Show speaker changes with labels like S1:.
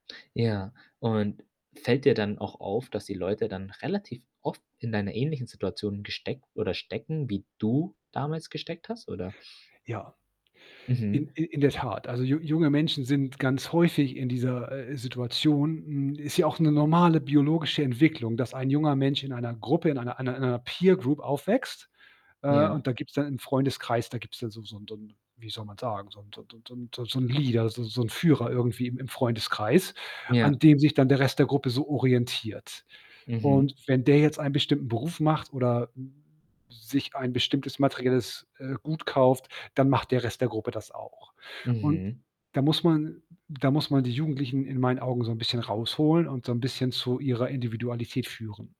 S1: Ja, und fällt dir dann auch auf, dass die Leute dann relativ oft in einer ähnlichen Situation gesteckt oder stecken, wie du damals gesteckt hast oder
S2: Ja,
S1: Mhm.
S2: in i in der Tat. Also ju junge Menschen sind ganz häufig in dieser, äh, Situation, hm, ist ja auch 'ne normale biologische Entwicklung, dass ein junger Mensch in einer Gruppe, in einer einer einer Peer Group aufwächst, äh,
S1: Ja.
S2: und da gibt's dann im Freundeskreis da gibt's da so so 'n so 'n wie soll man sagen, so 'n so 'n so 'n so 'n so 'n so 'n Leader, so so 'n Führer irgendwie im im Freundeskreis, an
S1: Ja.
S2: dem sich dann der Rest der Gruppe so orientiert und
S1: Mhm.
S2: wenn der jetzt einen bestimmten Beruf macht oder, hm, sich ein bestimmtes materielles, äh, Gut kauft, dann macht der Rest der Gruppe das auch und
S1: Mhm.
S2: da muss man da muss man die Jugendlichen in meinen Augen so 'n bisschen rausholen und so 'n bisschen zu ihrer Individualität führen.